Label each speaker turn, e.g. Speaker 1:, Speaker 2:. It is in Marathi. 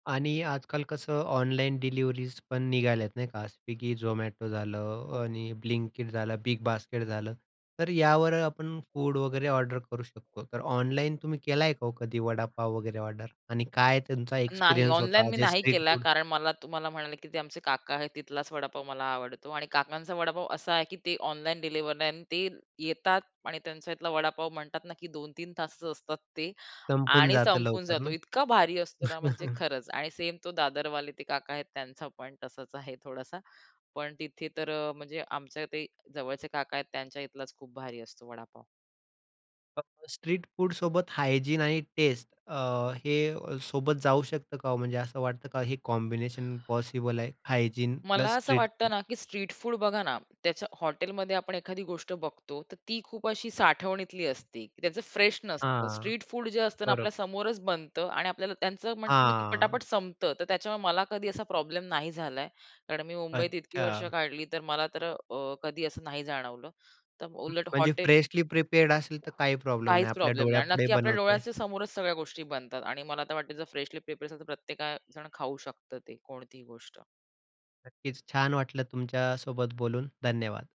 Speaker 1: आणि आजकाल कसं ऑनलाईन डिलिव्हरीज पण निघाल्यात नाही का. स्विगी, झोमॅटो झालं
Speaker 2: हो.
Speaker 1: आणि अ, ब्लिंक किट झालं, बिग बास्केट झालं. तर यावर आपण फूड वगैरे ऑर्डर करू शकतो. तर ऑनलाईन तुम्ही केल आहे का हो कधी वडापाव वगैरे ऑर्डर. आणि काय तुमचा
Speaker 2: नाही
Speaker 1: एक्सपिरियन्स
Speaker 2: ऑनलाईन
Speaker 1: होता
Speaker 2: मी
Speaker 1: जे
Speaker 2: नाही
Speaker 1: स्ट्रीट
Speaker 2: केला.
Speaker 1: फूड
Speaker 2: कारण मला तुम्हाला म्हणाले की ते आमचे काका आहेत तिथलाच वडापाव मला आवडतो. आणि काकांचा वडापाव असा आहे की ते ऑनलाईन डिलिव्हरी नाही. आणि ते येतात आणि त्यांच्यातला वडापाव म्हणतात ना की 2-3 तासच असतात ते.
Speaker 1: संपून
Speaker 2: आणि
Speaker 1: जातं
Speaker 2: संपून
Speaker 1: लवकर
Speaker 2: जातो
Speaker 1: ना?
Speaker 2: इतका भारी असतो ना म्हणजे खरंच. आणि सेम तो दादरवाले ते काका आहेत त्यांचा पण तसाच आहे थोडासा, पण तिथे तर अ, म्हणजे आमच्या ते जवळचे काका आहेत त्यांच्या इथलाच खूप भारी असतो वडापाव.
Speaker 1: फक्त स्ट्रीट फूडसोबत हायजीन आणि टेस्ट अ, हे सोबत जाऊ शकतं का हो म्हणजे असं वाटतं का हे कॉम्बिनेशन पॉसिबल आहे हायजीन
Speaker 2: मला
Speaker 1: प्लस
Speaker 2: असं
Speaker 1: स्ट्रीट
Speaker 2: वाटतं
Speaker 1: फूड?
Speaker 2: ना की स्ट्रीट फूड बघा ना, त्याच्या हॉटेलमध्ये आपण एखादी गोष्ट बघतो. तर ती खूप अशी साठवणीतली असते. त्याचं फ्रेश नसतं
Speaker 1: हां.
Speaker 2: स्ट्रीट फूड जे असतं ना
Speaker 1: बरोबर.
Speaker 2: आपल्या समोरच बनत. आणि आपल्याला त्यांचं म्हणतात ना की
Speaker 1: हां.
Speaker 2: पटापट संपतं तर त्याच्यामुळे मला कधी असा प्रॉब्लेम नाही झालाय. कारण मी मुंबईत इतकी वर्ष
Speaker 1: अच्छा.
Speaker 2: काढली तर मला तर अ, कधी असं नाही जाणवलं. तर
Speaker 1: हं,
Speaker 2: उलट
Speaker 1: म्हणजे
Speaker 2: हॉटेल
Speaker 1: फ्रेशली प्रिपेअर्ड असेल तर काही प्रॉब्लेम नाही.
Speaker 2: काहीच
Speaker 1: आपल्या
Speaker 2: प्रॉब्लेम नाही. आणि
Speaker 1: डोळ्यापुढे
Speaker 2: नक्की आपल्या
Speaker 1: बनवतोय.
Speaker 2: डोळ्यांच्या समोरच सगळ्या गोष्टी बनतात. आणि मला आता वाटत जर फ्रेशली प्रिपेअर असेल तर प्रत्येक जण खाऊ शकतो ते कोणतीही गोष्ट.
Speaker 1: नक्कीच. छान वाटलं तुमच्यासोबत बोलून धन्यवाद.